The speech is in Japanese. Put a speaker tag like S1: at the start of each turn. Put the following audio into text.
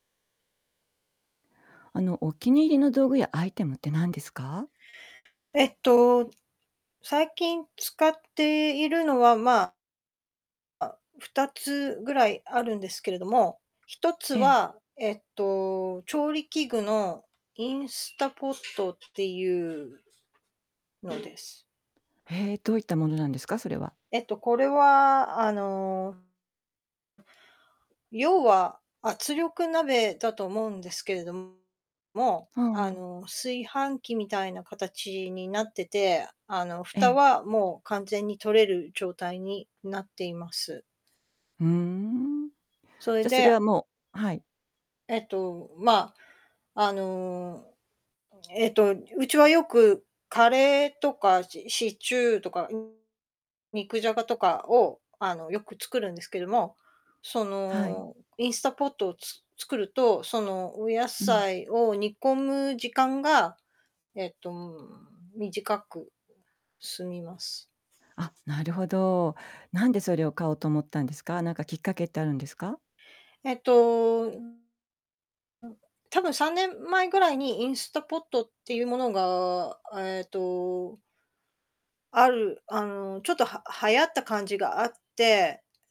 S1: あの、お気に入りの道具やアイテムって何ですか？
S2: えっと、最近使っているのは、まああ、2つぐらいあるんですけれども、1つ
S1: ええ。
S2: は、えっと、調理器具のインスタポットっていうのです。
S1: へえ、どういったものなんですか？それは。
S2: えっと、これは、あの要は圧力鍋だと思うんですけれども、も
S1: あ
S2: う、
S1: あ、
S2: あ
S1: もう。
S2: の、炊飯器みたいな形になってて、あの、
S1: え
S2: 蓋
S1: え。
S2: はもう完全に取れる状態になっています。
S1: ふーん。
S2: それ
S1: じゃ、それ
S2: で
S1: はもうはい。
S2: えっと、まあ、あの、えっと、うちはよくカレーとか、しシチューとか、うん、肉じゃがとかを、あの、よく作るんですけども、そ
S1: はい。
S2: のインスタポットをつ作ると、その、お野
S1: うん。
S2: 菜を煮込む時間が、えっと、短く済みます。
S1: あ、なるほど。なんでそれを買おうと思ったんですか？なんかきっかけってあるんですか？
S2: えっと、うん、なんか、たぶん3年前ぐらいにインスタポットっていうものが、あ、えっとあるあの、ちょっと、は流行った感じがあって。